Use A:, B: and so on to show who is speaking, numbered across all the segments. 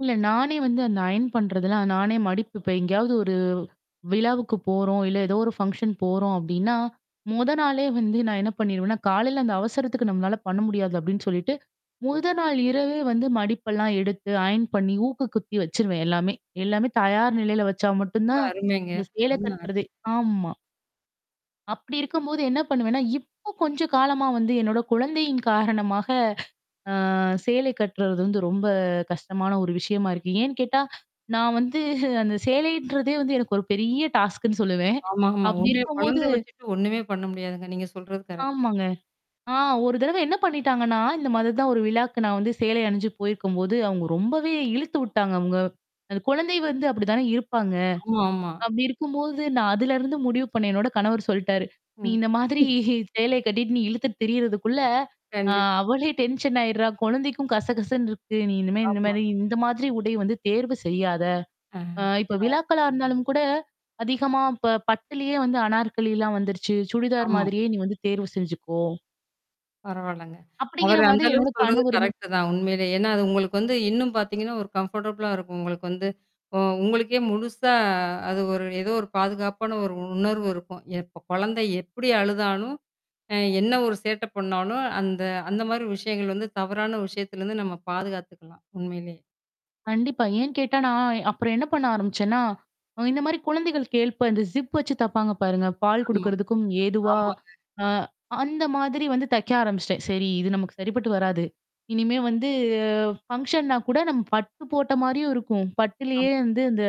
A: இல்ல, நானே வந்து அந்த அயர்ன் பண்றதுல்லாம் நானே மடிப்பு இப்ப எங்கேயாவது ஒரு விழாவுக்கு போறோம் இல்ல ஏதோ ஒரு ஃபங்ஷன் போறோம் அப்பிடின்னா முதல் நாளே வந்து நான் என்ன பண்ணிருவேன்னா, காலையில அந்த அவசரத்துக்கு நம்மளால பண்ண முடியாது அப்பிடின்னு சொல்லிட்டு, முதல் நாள் இரவே வந்து மடிப்பெல்லாம் எடுத்து அயர்ன் பண்ணி ஊக்கு குத்தி வச்சுருவேன் எல்லாமே! எல்லாமே தயார் நிலையில வச்சா மட்டும்
B: ரொம்ப
A: தான்
B: அருமைங்க.
A: இந்த சேல
B: அருமை, அருமை.
A: கட்டுறது ஆமா. அப்பிடி இருக்கும்போது என்ன பண்ணுவேன்னா, இப்போ கொஞ்சம் காலமா வந்து என்னோட குழந்தையின் காரணமாக ஆ சேலை கட்டுறது வந்து ரொம்ப கஷ்டமான ஒரு விஷயமா இருக்கு. ஏன்னு கேட்டா, நான் வந்து அந்த சேலைன்றதே வந்து எனக்கு ஒரு பெரிய டாஸ்க்ன்னு சொல்லுவேன்.
B: ஆமா, ஆமா.
A: அப்பிடி
B: உண்மையா
A: இருக்கும்போது
B: குழந்த வச்சுட்டு ஒன்னுமே பண்ண முடியாதுங்க. நீங்க சொல்றது கரெக்ட்டு.
A: ஆமாங்க. ஆ ஒரு தடவ என்ன பண்ணிட்டாங்கன்னா, இந்தமாதிரி தான் ஒரு விழாக்கு நான் வந்து சேலை அணிஞ்சு போயிருக்கும்போது அவங்க ரொம்பவே இழுத்து விட்டாங்க அவுங்க அந்த குழந்தை வந்து அப்பிடி தானே இருப்பாங்க.
B: ஆமா, ஆமா.
A: அப்பிடி இருக்கும்போது நான் அதுலருந்து முடிவு பண்ணேன். என்னோட கணவர் சொல்லிட்டாரு நீ
B: ம்.
A: இந்த மாதிரி சேலய கட்டிட்டு நீ இழுத்துட்டு திரியிறதுக்குள்ள ஆ
B: கண்டிப்பா.
A: அவளே டென்ஷன் ஆயிடுறா! குழந்தைக்கும் கசகசன்னு இருக்கு. நீ இனிமே
B: ஆமா.
A: இந்தமாரி, இந்த மாதிரி உடை வந்து தேர்வு செய்யாத!
B: ஆ.
A: அ இப்ப
B: அ
A: விழாக்களா இருந்தாலும் கூட அதிகமா இப்ப பட்டுலயே வந்து அனார்கலிலாம் வந்துருச்சு, சுடிதார்
B: ஆமா.
A: மாதிரியே நீ வந்து தேர்வு செஞ்சுக்கோ!
B: பரவால்லங்க.
A: அப்பிடிங்கிற
B: அவரு அந்த
A: மாதிரி என்னோட
B: அளவுக்கு சொல்றது
A: கணவருமே
B: கரெக்ட்டு தான் உண்மையிலே. ஏன்னா அது உங்களுக்கு வந்து இன்னும் பார்த்தீங்கன்னா ஒரு கம்ஃபர்டபிளா இருக்கும் உங்களுக்கு வந்து. ஒ உங்களுக்கே முழுசா அது ஒரு ஏதோ ஒரு பாதுகாப்பான ஒரு உணர்வு இருக்கும். எப்ப குழந்தை எப்பிடி அழுதாலும், அ என்ன ஒரு சேட்டை பண்ணாலும், அந்த அந்த மாதிரி விஷயங்கள் வந்து தவறான விஷயத்திலருந்து நம்ம பாதுகாத்துக்கலாம் உண்மையிலே.
A: கண்டிப்பா. ஏன்னு கேட்டா நான் அப்புறம் என்ன பண்ண ஆரம்பிச்சேன்னா, அ இந்த மாதிரி குழந்தைகள் கேட்ப இந்த ஜிப் வச்சு தப்பாங்க பாருங்க பால்
B: ஆமா.
A: குடுக்குறதுக்கும்
B: ஆமாங்க.
A: ஏதுவா.ஆ அ அந்தமாதிரி வந்து தைக்க ஆரம்பிச்சுட்டேன். சரி இது நமக்கு சரிப்பட்டு வராது. இனிமே வந்து ஃபங்ஷன்னா கூட நம்ம பட்டு போட்ட மாதிரியும் இருக்கும். பட்டுலயே
B: ஆம்.
A: வந்து அந்த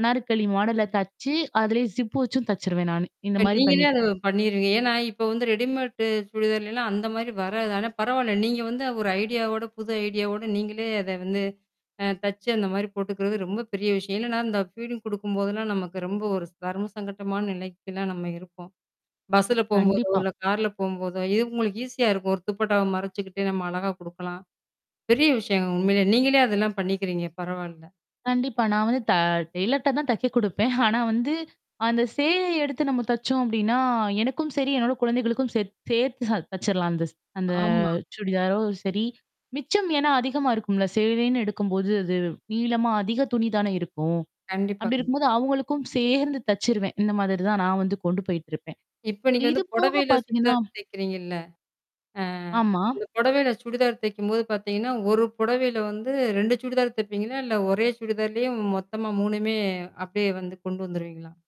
A: அனார்க்கலி மாடல்ல தெச்சு, அதிலயே ஜிப் வச்சும் தச்சுருவேன் நானு. இந்த
B: இப்ப
A: மாதிரி
B: நீங்களே
A: பண்ணிட்டேன்.
B: அத பண்ணிருவீங்க ஏன்னா, இப்ப வந்து ரெடிமேட் சுடிதாருல எல்லாம் அந்த மாதிரி வராது. ஆனா பரவால்ல. நீங்க வந்து ஒரு ஐடியாவோட புது ஐடியாவோட நீங்களே அத வந்து அ தச்சு அந்த மாதிரி போட்டுக்கிறது ரொம்ப பெரிய விஷயம். ஏன்னன்னா இந்த அ ஃபீடிங் குடுக்கும்போதெல்லாம் நமக்கு ரொம்ப ஒரு தர்ம சங்கட்டமான நிலைக்குலாம் நம்ம இருப்போம். பஸ்ல போம்போதோ
A: கண்டிப்பா.
B: இல்ல கார்ல போம்போதோ, இவ் இது உங்களுக்கு ஈஸியா இருக்கும். ஒரு துப்பட்டாவ மறச்சுக்கிட்டு நம்ம அழகா குடுக்கலாம். பெரிய விஷயம். உண்மையில. நீங்களே அதெல்லாம் பண்ணிக்கிறீங்க. பரவால்ல.
A: கண்டிப்பா. நான் வந்து த டெய்லர்ட தான் தைக்க குடுப்பேன். ஆனா வந்து அந்த சேலய எடுத்து நம்ம தச்சோம் அப்பிடின்னா எனக்கும் சரி, என்னோட குழந்தைகளுக்கும் சரி, சேத் சேர்த்து ச தச்சுர்லாம் அந்த ச் அந்த
B: ஆமா.
A: சுடிதாரோ! சரி. மிச்சம் ஏன்னா அதிகமா இருக்கும்ல. சேலைன்னு எடுக்கும்போது அது நீளமா அதிக துணி தானே இருக்கும்.
B: கண்டிப்பா,
A: அப்பிடி இருக்கும்போது
B: கண்டிப்பா.
A: அவுங்களுக்கும் சேர்ந்து தச்சுருவேன். இந்த மாதிரி தான் நான் வந்து கொண்டு போயிட்டு இருப்பேன்.
B: இப்ப நீங்க வந்து
A: இதுபோக
B: புடவையில
A: பார்த்தீங்கன்னா
B: சுடிதார் தெக்கிறீங்கல்ல? ஆ
A: ஆமா.
B: அந்த புடவையில சுடிதார் தைக்கும்போது பார்த்தீங்கன்னா, ஒரு புடவையில வந்து 2 சுடிதார் தப்பீங்களா? இல்ல ஒரே சுடிதார்லயும் மொத்தமா 3 மே அப்பிடியே வந்து கொண்டு வந்துருவீங்களா?